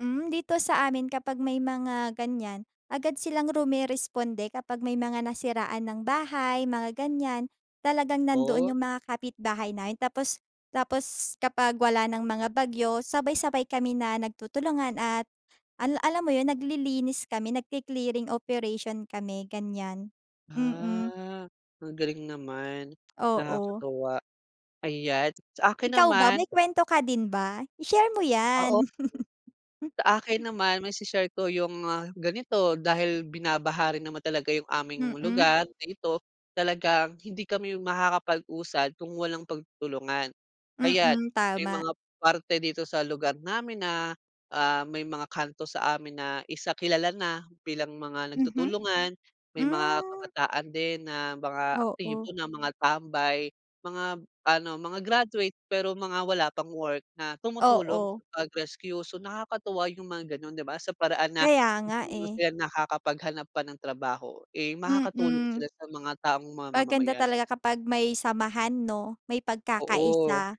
Mm, dito sa amin kapag may mga ganyan, agad silang rumeresponde kapag may mga nasiraan ng bahay, mga ganyan, talagang nando’n Oh. yung mga kapitbahay namin tapos tapos kapag wala nang mga bagyo, sabay-sabay kami na nagtutulungan at ala alam mo yun, naglilinis kami, nagke-clearing operation kami, ganyan. Mhm. Ah, ang galing naman, Oo. nakakatuwa. Ayan sa’kin Ikaw ba, naman may kwento ka din ba? I-share mo Ah, op ‘yan. Sa’kin naman, maise-share ko yung ganito dahil binabaha rin naman talaga yung aming Mm. lugar na ito talagang hindi kami makakapag-usad kung walang pagtutulungan. Ayan, Mm, may tama. mga parte dito sa lugar namin na, ah, may mga kanto sa amin na isa kilala na bilang mga Mhm. nagtutulungan, may mga Hmm. kabataan din na mga Oo. aktibo na mga tambay, mga ano, mga graduate, pero mga wala pang work na tumutulong Oo. sa pag-rescue. So, nakakatuwa yung mga gano’n, di ba sa paraan na Kaya nga hindi eh. sila nakakapaghanap pa ng trabaho, eh, makakatulong Mm. sila sa mga taong Maganda mamamayan. talaga kapag may samahan ‘no, may Oo. pagkakaisa.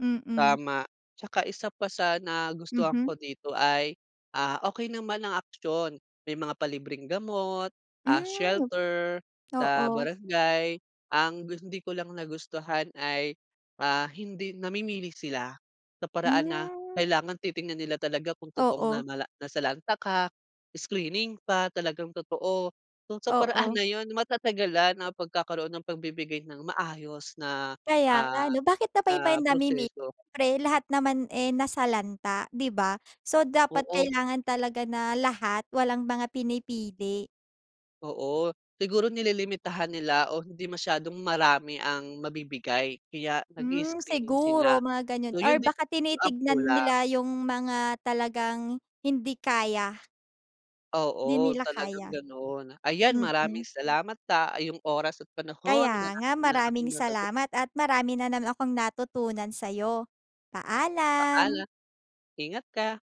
Mm. Tama. ‘Tsaka isa pa sa nagustuhan Mhm. ko dito ay, ah, okey naman ang aksiyon. May mga palibreng gamot, ah, Hmm. shelter sa Oo. barangay. Ang gus hindi ko lang nagustuhan ay, ah, hindi namimili sila. Sa paraan na Hmm. kailangan titingnan nila talaga kung totoong Oo. nanala nasalanta ka, screening pa. Talagang totoo. Kung sa paraan Oo. na 'yon, matatagalan ang pagkakaroon ng pagbibigay ng maayos na, Kaya nga ah, ano, bakit pa ba iba'y na namimili? proseso. Siyempre lahat naman eh, nasalanta, di ba? So, dapat Oo. kailangan talaga na lahat, walang mga pinipili. Oo, siguro nililimitahan nila o hindi masyadong marami ang mabibigay kaya Hmm, nag-i-is-screening sila. siguro mga ganyan So 'yon or din baka ang tinitignan kulang. nila yung mga talagang hindi kaya. Di Oo, nila talagang kaya. gano’n. Ayan, maraming Mm. salamat sa iyong oras at panahon, Kaya nga, marami na akong maraming natutunan. salamat at marami na naman akong natutunan sa’yo. Paalam. Paalam. Ingat ka.